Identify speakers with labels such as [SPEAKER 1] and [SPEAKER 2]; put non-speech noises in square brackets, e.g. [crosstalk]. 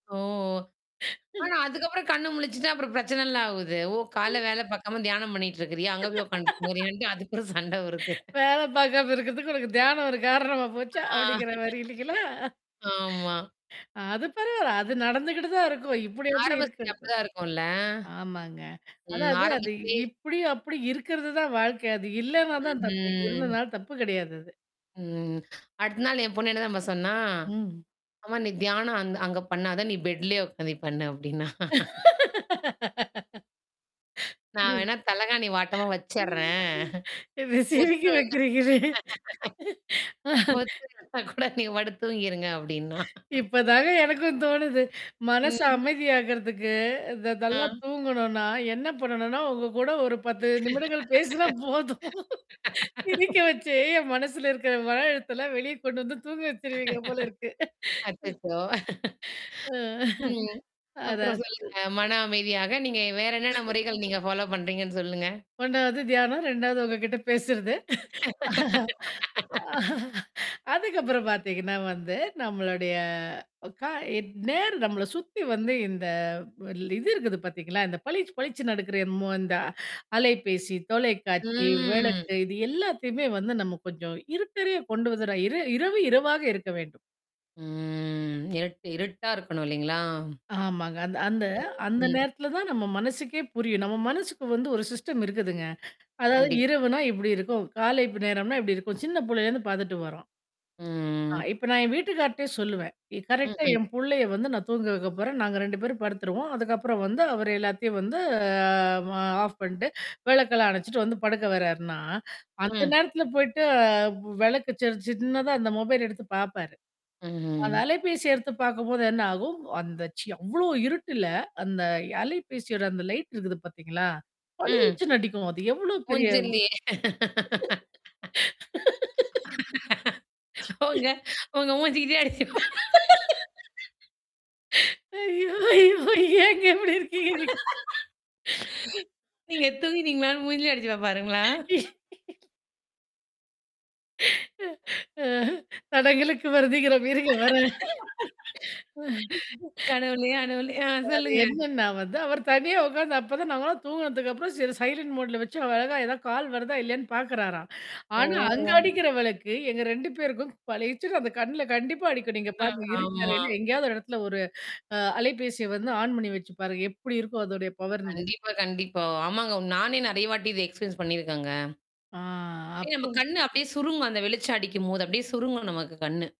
[SPEAKER 1] ஓ ஆனா,
[SPEAKER 2] [laughs]
[SPEAKER 1] அதுக்கப்புறம் கண்ணா முழிச்சுட்டா அப்புறம் பிரச்சனைலாம் ஆவுது. ஓ! கால
[SPEAKER 2] [laughs]
[SPEAKER 1] வேல பாக்காம தியானம் பண்ணிட்டு இருக்கிறியா? அங்க போய் உட்காந்துட்டு
[SPEAKER 2] [laughs]
[SPEAKER 1] போறியான்ட்டு அதுப்புறம் சண்டை வருது
[SPEAKER 2] வேல பாார்க்காம இருக்கிறதுக்கு உனக்கு தியானம் ஒரு காரணமா
[SPEAKER 1] ஆ.
[SPEAKER 2] போச்சா? அப்படிங்கிற மாரி இல்லைங்களா?
[SPEAKER 1] [laughs] ஆமா.
[SPEAKER 2] அ. அது பரவால்ல. அது நடந்துகிட்டு தான் இருக்கும். இப்படி அப்படி
[SPEAKER 1] ஆரம்ப [unintelligible] அப்படி
[SPEAKER 2] இருக்கிறதுக்கு.
[SPEAKER 1] தான் இருக்கும்ல?
[SPEAKER 2] ஆமாங்க.
[SPEAKER 1] ம்.
[SPEAKER 2] அதாவது அது
[SPEAKER 1] ஆரம்பத்திலேயே.
[SPEAKER 2] இப்படி அப்படி இருக்கிறது தான் வாழ்க்கை. அது இல்லனா தான் தப்பு.
[SPEAKER 1] ம்.
[SPEAKER 2] இருந்தனால தப்பு கிடையாது அது.
[SPEAKER 1] ம். அடுத்த நாள் என் பொண்ணு என்ன தெரியுமா சொன்னா?
[SPEAKER 2] ம்.
[SPEAKER 1] ஆமா "நீ தியானம் அந் அங்க பண்ணாதா நீ பெட்லயே உட்காந்து பண்ணு" அப்படின்னா. நான் வேணா தலகாணி வாட்டமா
[SPEAKER 2] [laughs]
[SPEAKER 1] வச்சடுறேன்.
[SPEAKER 2] என்ன சிரிக்க
[SPEAKER 1] ஒத்து
[SPEAKER 2] வைக்கறீங்களே! ஆ.
[SPEAKER 1] [unintelligible] ஒத்து வந்த கூட நீங்க படுத்து தூங்கிருங்க அப்படின்னா.
[SPEAKER 2] இப்பதாங்க எனக்கும் தோணுது. மனசு
[SPEAKER 1] ம்.
[SPEAKER 2] அமைதியாகறதுக்கு த நல்லா
[SPEAKER 1] ஆ.
[SPEAKER 2] தூங்கணும்னா, என்ன பண்ணணும்னா, உங்க கூட ஒரு 10 நிமிடங்கள் பேசினா போதும். சிரிக்க
[SPEAKER 1] [laughs]
[SPEAKER 2] வச்சே என் மனசுல இருக்கிற மன அழுத்தெல்லாம் வெளியே கொண்டு வந்து தூங்க வச்சுருவீங்க போல இருக்கு.
[SPEAKER 1] [laughs] அச்சச்சோ!
[SPEAKER 2] ஆ.
[SPEAKER 1] ம். ஓ!
[SPEAKER 2] அதா.
[SPEAKER 1] அப்புறம் சொல்லுங்க. மன அமைதியாக. நீங்க வேற என்னென்ன முறைகள் நீங்க ஃபாலோ பண்றீங்கன்னு சொல்லுங்க.
[SPEAKER 2] ஒன்னாவது தியானம், ரெண்டாவது உங்க கிட்ட பேசுறது.
[SPEAKER 1] [laughs]
[SPEAKER 2] அதுக்கப்புறம் பார்த்தீங்கன்னா வந்து நம்மளுடைய கா எ நேர் நம்மள சுத்தி வந்து இந்த இது இருக்குது பார்த்தீங்களா? இந்த பளிச்சு பளிச்சு நடக்கிற என்ம இந்த அலைபேசி, தொலைக்காட்சி,
[SPEAKER 1] ம்.
[SPEAKER 2] விளக்கு இது எல்லாத்தையுமே வந்து நம்ம கொஞ்சம் இருட்டறையா கொண்டு வந்துற இர இரவு இரவாக இருக்க வேண்டும்.
[SPEAKER 1] ம். இருட்டு இருட்டா இருக்கணும் இல்லைங்களா?
[SPEAKER 2] ஆமாங்க. அந்த அந்த அந்த
[SPEAKER 1] ம்.
[SPEAKER 2] நேரத்தல தான் நம்ம மனசுக்கே புரியும். நம்ம மனசுக்கு வந்து ஒரு சிஸ்டம் இருக்குதுங்க. அதாவது
[SPEAKER 1] கண்டிப்பா.
[SPEAKER 2] இரவுனா இப்படி இருக்கும். காலைப் நேரம்னா இப்படி இருக்கும். சின்ன புள்ளையிலேருந்து பார்த்துட்டு வர்றோம். ஆ,
[SPEAKER 1] ம்.
[SPEAKER 2] இப்ப நான் என் வீட்டுக்கார்ட்டயே சொல்லுவேன்.
[SPEAKER 1] ம்,
[SPEAKER 2] கரெக்ட்டா
[SPEAKER 1] ம்.
[SPEAKER 2] என் புள்ளைய வந்து நான் தூங்க வைக்க போறேன். நாங்க 2 பேரும் படுத்துருவோம். அதுக்கப்புறம் வந்து அவரு எல்லாத்தையும் வந்து ஆஃப் பண்ணிட்டு விளக்கெல்லாம் அணைச்சுட்டு வந்து படுக்க வர்றார்ன்னா, அந்த
[SPEAKER 1] ம்.
[SPEAKER 2] நேரத்துல போய்ட்டு விளக்க ச சின்னதா அந்த மொபைல் எடுத்து பாப்பாரு. அந்த
[SPEAKER 1] ம்ஹ்ம்.
[SPEAKER 2] அலைபேசிய எடுத்து பாக்கும்போது என்ன ஆகும், அந்த அவ்ளோ இருட்டுல அந்த அலைபேசியோட அந்த லைட் இருக்குது பாத்தீங்களா?
[SPEAKER 1] ம்.
[SPEAKER 2] பளிச்சுன்னு அடிக்கும். அது எவ்ளோ பெரிய
[SPEAKER 1] மூஞ்சிலேயே
[SPEAKER 2] [laughs]
[SPEAKER 1] உங்க உங்க மூஞ்சி கிட்டேயே அடிச்சு.
[SPEAKER 2] [laughs] ஐயயோ! ஐயோ! ஏங்க இப்படி இருக்கீங்க.
[SPEAKER 1] நீங்க தூங்கிட்டிங்களான்னு மூஞ்சிலேயே அடிச்சுப்பா பாருங்களா?
[SPEAKER 2] [laughs] அ தடங்களுக்கு வருந்துகிறோம் இருங்க வர்றேன்.
[SPEAKER 1] கடவுளே! அடவுள! ஆ
[SPEAKER 2] அது
[SPEAKER 1] சொல்லுங்க.
[SPEAKER 2] என்னன்னா வந்து அவர் தனியா உட்காந்து அப்ப தான் நாங்கலாம் தூங்குனதுக்கப்புறம் சரி சைலன்ட் மோட்ல வச்சு அவர் அழகா ஏதாவது கால் வருதா இல்லையான்னு பார்க்குறாராம். ஆனா அங்க
[SPEAKER 1] ஓ!
[SPEAKER 2] அடிக்கிற விளக்கு எங்க 2 பேருக்கும் பழிச்சுன்னு அந்த கண்ணல கண்டிப்பா அடிக்கும். நீங்க
[SPEAKER 1] அ
[SPEAKER 2] பாருங்க இருட்டு
[SPEAKER 1] ஆமா.
[SPEAKER 2] அறையில எங்கேயாவது இடத்துல ஒரு அ அலைபேசிய வந்து ஆன் பண்ணி வச்சு பாருங்க. எப்படி இருக்கம் அதொடைய பவர்னு.
[SPEAKER 1] கண்டிப்பா கண்டிப்பா. ஆமாங்க நானே நெறைய வாட்டி இத எக்ஸ்பெரியன்ஸ் பண்ணியிருக்கங்க.
[SPEAKER 2] ஆ
[SPEAKER 1] அப்படியே நம்ம
[SPEAKER 2] அப்போ.
[SPEAKER 1] கண்ணு அப்படியே சுருங்கும் அந்த வெளிச்சம் அடிக்கும்போது அப்படியியே சுருங்கும் நமக்கு கண்ணு.